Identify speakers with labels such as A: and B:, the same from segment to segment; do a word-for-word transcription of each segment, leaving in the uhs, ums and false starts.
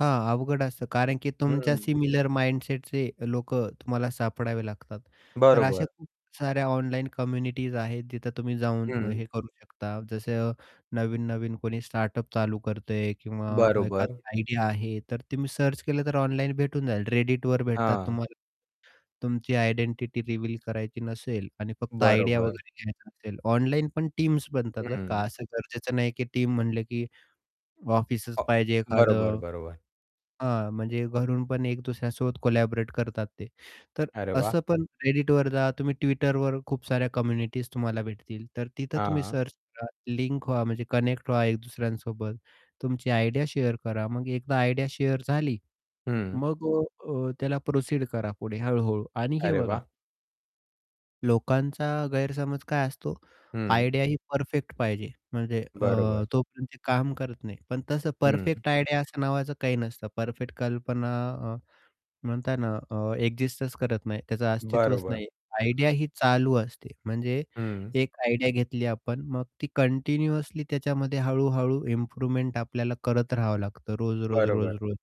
A: हां. अवघड असतं कारण की तुमच्या
B: हं.
A: सिमिलर माइंडसेटचे लोकं तुम्हाला सापडावे लागतात. तर अशा
B: बरोबर.
A: खूप साऱ्या ऑनलाईन कम्युनिटीज आहेत जिथं तुम्ही जाऊन
B: हं.
A: हे करू शकता जसं नवीन-नवीन कोणी स्टार्टअप चालू करतोय किंवा एखादी
B: बरोबर.
A: आयडिया आहे तर तुम्ही सर्च केलं तर ऑनलाईन भेटून जाईल. Redditवर भेटतात
B: हां.
A: तुम्हाला. तुमची आयडेंटिटी रिव्हील करायची नसेल आणि फक्त आयडिया
B: बरोबर.
A: वगैरे घ्यायचा असेल ऑनलाईन पण टीम्स बनतात बरं का.
B: हं.
A: असं गरजेचं नाही की टीम म्हणले की
B: अ,
A: ऑफिसच पाहिजे एखाद,
B: बरोबर, बरोबर.
A: हां. म्हणजे घरून पण एक दुसऱ्यासोबत कोलॅबोरेट करतात ते. तर
B: अरे वाह!
A: असं पण एडिटवर जा तुम्ही Twitterवर खूप साऱ्या कम्युनिटीज तुम्हाला भेटतील, तर तिथं तुम्ही
B: हां.
A: सर्च करा. लिंक व्हा म्हणजे कनेक्ट व्हा एकदुसऱ्यांसोबत. तुमची आयडिया शेअर करा. मग एकदा आयडिया शेअर झाली
B: हं.
A: मग अ, अ, त्याला प्रोसीड करा. पुढे हळू-हळू आणि हे
B: अरे
A: बघा
B: वाह!
A: लोकांचा गैरसमज काय असतो
B: हं.
A: आयडिया ही परफेक्ट पाहिजे म्हणजे अ,
B: बरोबर.
A: तोपर्यंत काम करत नाही, पण तसं
B: हं.
A: परफेक्ट आयडिया असं नावाचं काही नसतं. परफेक्ट कल्पना अ, म्हणता ना अ, एक्सिस्टच करत नाही. त्याचं अस्तित्वच
B: बरोबर.
A: नाही आयडिया ही चालू असते.
B: [unintelligible]
A: म्हणजे
B: हं.
A: एक आयडिया घेतली आपण मग ती कंटिन्युअसली त्याच्यामध्ये हळू-हळू इम्प्रूव्हमेंट आपल्याला करत राहावं लागतं
B: बरोबर.
A: रोज-रोज-रोज-रोज.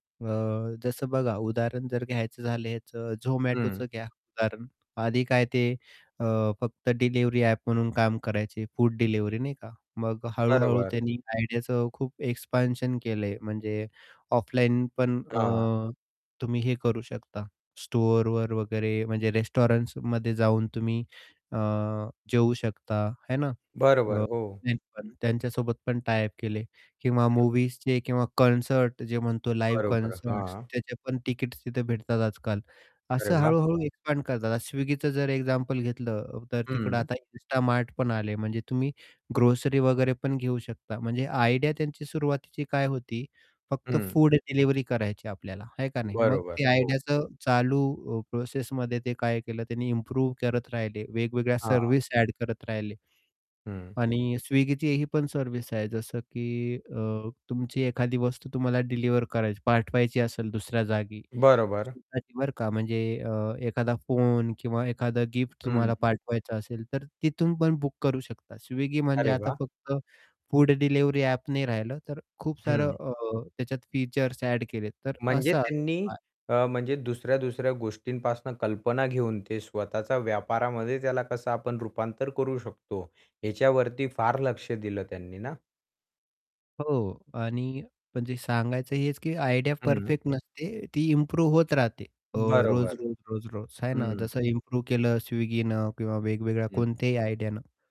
A: हां. अ, जसं बघा, उदाहरण जर घ्यायचं झालेच अ, Zomatoचं
B: हं.
A: घ्या उदाहरण. आधी काय ते फक्त अ, डिलिव्हरी ॲप म्हणून काम करायचे. Food delivery. नाही का? मग हळू-हळू
B: बरोबर.
A: त्यांनी आयडियाचं खूप एक्सपान्शन केलंय म्हणजे ऑफलाईन पण
B: हां.
A: अ, तुम्ही हे करू शकता, स्टोअरवर वगैरे म्हणजे रेस्टॉरंटसमध्ये जाऊन तुम्ही अ, जेवू शकता. आहे ना?
B: बरोबर हो.
A: [unintelligible] पण त्यांच्यासोबत पण टायअप केले किंवा
B: हं.
A: मूव्हीजचे किंवा कॉन्सर्ट जे म्हणतो लाईव्ह
B: बरोबर.
A: कॉन्सर्ट
B: हां.
A: त्याचे पण टिकट्स तिथे भेटतात आजकाल
B: अरे
A: असं
B: वाह!
A: हळू-हळू एक्सपांड करतात, Swiggy जर एक्झाम्पल घेतलं तर तिकडं
B: हं.
A: आता insta mart पण आले म्हणजे तुम्ही ग्रोसरी वगैरे पण घेऊ शकता म्हणजे आयडिया त्यांची सुरुवातीची काय होती फक्त
B: हं.
A: फूड डिलिव्हरी करायची आपल्याला आहे का नाही मग
B: बरोबर.
A: ते
B: हो.
A: आयडियाचं चालू प्रोसेसमध्ये ते काय केलं त्यांनी इम्प्रूव्ह करत राहि, ले वेगवेगळ्या
B: हां.
A: सर्व्हिस एड करत राहिले.
B: हं.
A: आणि Swiggy ही पण सर्व्हिस आहे जसं की अ, तुमची एखादी वस्तू तुम्हाला डिलिव्हर करायची पाठवायची असेल दुसऱ्या जागी.
B: बरोबर.
A: [unintelligible] बरं का! म्हणजे अ, एखादा फोन किंवा एखादा गिफ्ट तुम्हाला
B: हं.
A: पाठवायचा असेल तर तिथून पण बुक करू शकता Swiggy म्हणजे
B: अरे
A: आता
B: वाह!
A: फक्त फूड डिलिव्हरी ॲप नाही राहिलं तर खूप सारं
B: हं.
A: अ, त्याच्यात फीचर्स एड केले तर
B: म्हणजे
A: असं
B: त्यांनी
A: आहे.
B: अ, म्हणजे दुसऱ्या-दुसऱ्या गोष्टींपासून कल्पना घेऊन ते स्वतःचा व्यापारामध्ये त्याला कसं आपण रुपांतर करू शकतो, ह्याच्यावरती फार लक्ष दिलं त्यांनी ना?
A: हो! आणि म्हणजे सांगायचं हेच की आयडिया
B: हं.
A: परफेक्ट नसते ती इम्प्रूव्ह होत राहते. अ,
B: बरोबर.
A: रोज-रोज रोज-रोज आहे ना
B: हं.
A: जसं इम्प्रूव्ह केलं Swiggy न किंवा वेगवेगळ्या
B: हं.
A: कोणत्याही आयडियानं